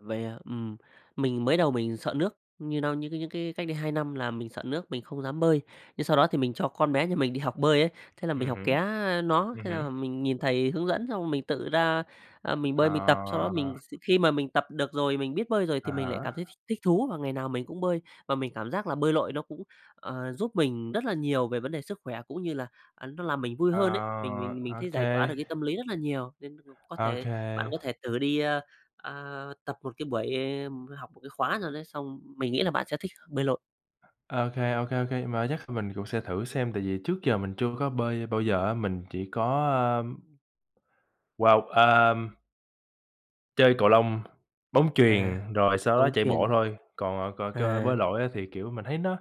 Vậy à? Ừm, mình mới đầu mình sợ nước, nhưng đâu nhưng cái những cái cách đây 2 năm là mình sợ nước mình không dám bơi, nhưng sau đó thì mình cho con bé nhà mình đi học bơi ấy, thế là mình Ừm học ké, hứm, a, nó, ừm thế hứm. là mình nhìn thầy hướng dẫn xong rồi mình tự ra, à, mình bơi mình tập. Sau đó Ờ. mình x khi mà mình tập được rồi, mình biết bơi rồi Á thì mình lại cảm thấy thích há. thích thú và ngày nào mình cũng bơi. Và mình cảm giác là bơi lội nó cũng, ờ, giúp mình rất là nhiều về vấn đề sức khỏe, cũng như là, à, nó làm mình vui Ờ, hơn ấy, mình mình mình thấy OK. giải tỏa được cái tâm lý rất là nhiều. Nên [unintelligible] có thể OK. bạn có thể thử đi, ơ, à, tập một cái buổi, ừm, học một cái khóa nào đấy, xong mình nghĩ là bạn sẽ thích bơi lội. OK, OK, OK, mai chắc kh mình cũng sẽ thử xem, tại vì trước giờ mình chưa có bơi bao giờ á, mình chỉ có, ưm, wow, à chơi cầu lông, bóng À, chuyền, rồi sau đó bóng chạy bộ chuyền. thôi. Còn, ờ, c cơ À. bơi lội á thì, kiểu, mình thấy nó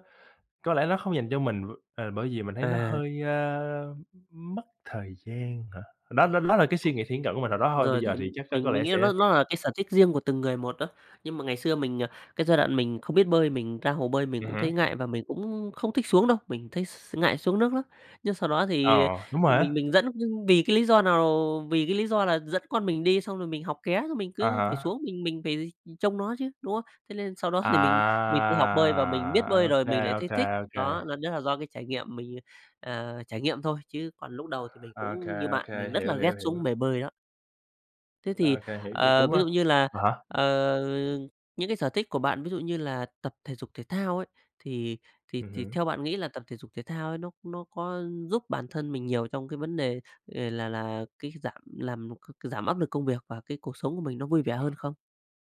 có lẽ nó không dành cho mình, m ờ, bởi vì mình thấy nó À. hơi, ơ, mất thời gian hả? Đó đó đó là cái suy Cục nghĩ thiển cận của mình hồi đó thôi, bây rồi, giờ chuẩn, thì chắc có có mình mình lẽ nghĩ sẽ nó nó là cái sở thích riêng của từng người một á. Nhưng mà ngày xưa mình, à cái giai đoạn mình không biết bơi, mình ra hồ bơi mình Ừm cũng hứm. thấy ngại và mình cũng không thích xuống đâu, mình thấy x ngại xuống nước lắm. Nhưng sau đó thì, Ờ, đúng ờ, rồi á. mình mình dẫn v vì cái lý do nào? Vì cái lý do là dẫn con mình đi, xong rồi mình học ké, xong mình À cứ phải há. xuống mình mình phải trông nó chứ, đúng không? Thế nên sau đó thì mình mình tự học bơi và mình biết À! bơi À, OK, rồi mình lại thấy OK, thích, OK. đó, nên đó là do cái trải nghiệm mình, ờ, trải nghiệm thôi, chứ còn lúc đầu thì mình OK, cũng như OK, bạn, mình rất là hiểu, ghét hiểu, hiểu. xuống bề bơi đó. Thế thì, OK, hiểu, vậy ờ, cũng ví á dụ như là, à há. ờ, những cái sở thích của bạn ví dụ như là tập thể dục thể thao ấy, thì thì Ừm thì hứm. theo bạn nghĩ là tập thể dục thể thao ấy, nó nó có giúp bản thân mình nhiều trong cái vấn đề ề là là cái giảm làm c giảm áp lực công việc và cái cuộc sống của mình nó vui vẻ hơn không?